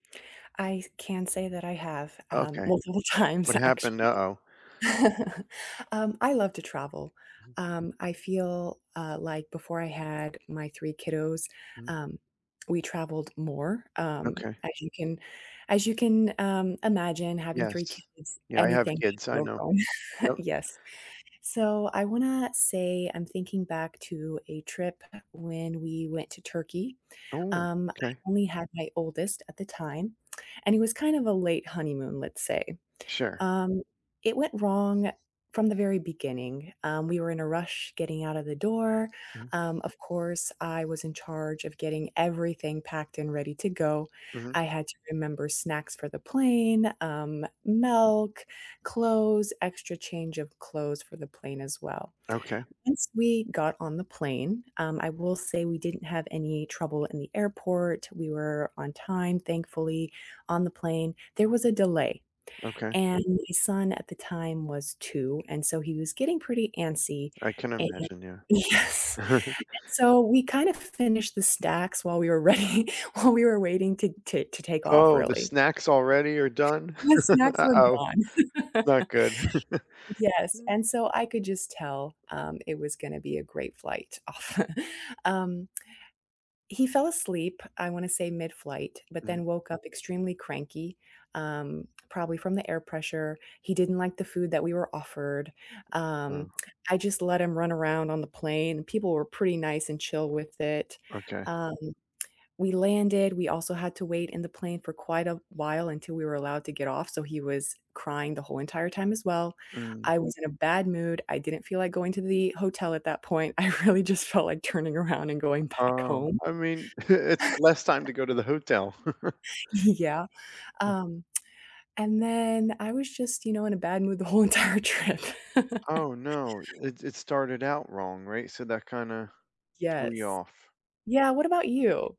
I can say that I have, um, Okay. multiple times What happened? actually. Uh-oh. Um, I love to travel. Um, I feel, uh, like before I had my 3 kiddos, Mm. um, we traveled more, um, Okay. as you can as you can, um, imagine having 3 Yes. kids, Yeah, I have anything can kids, I go know. wrong, Yep. yes. So I wanna say I'm thinking back to a trip when we went to Turkey, Oh, um, I 'kay. only had my oldest at the time, and it was kind of a late honeymoon, let's say. Sure. Um, it went wrong from the very beginning, um, we were in a rush getting out of the door, Mhm. um, of course, I was in charge of getting everything packed and ready to go, Mhm. I had to remember snacks for the plane, um, milk, clothes, extra change of clothes for the plane as well. Okay. Once we got on the plane, um, I will say we didn't have any trouble in the airport, we were on time, thankfully, on the plane, there was a delay Okay. and my son at the time was 2, and so he was getting pretty antsy, I can and imagine, yeah. yes, and so we kind of finished the stacks while we were ready while we were waiting to to to take off Oh, the really. snacks already are done? The snacks were Uh-oh, gone. not good. Yes, and so I could just tell, um, it was gonna be a great flight. Um he fell asleep, I wanna say midflight, but Mhm. then woke up extremely cranky, um, probably from the air pressure, he didn't like the food that we were offered, um, Oh. I just let him run around on the plane, and people were pretty nice and chill with it, Okay. um, we landed, we also had to wait in the plane for quite a while until we were allowed to get off, so he was crying the whole entire time as well, Mm. I was in a bad mood, I didn't feel like going to the hotel at that point, I really just felt like turning around and going back Um, home. I mean, it's less time to go to the hotel. Y yeah, um, and then I was just, you know, in a bad mood the whole entire trip. Oh, no. It it started out wrong, right, so that kinda threw you Yes. off. Yeah, what about you?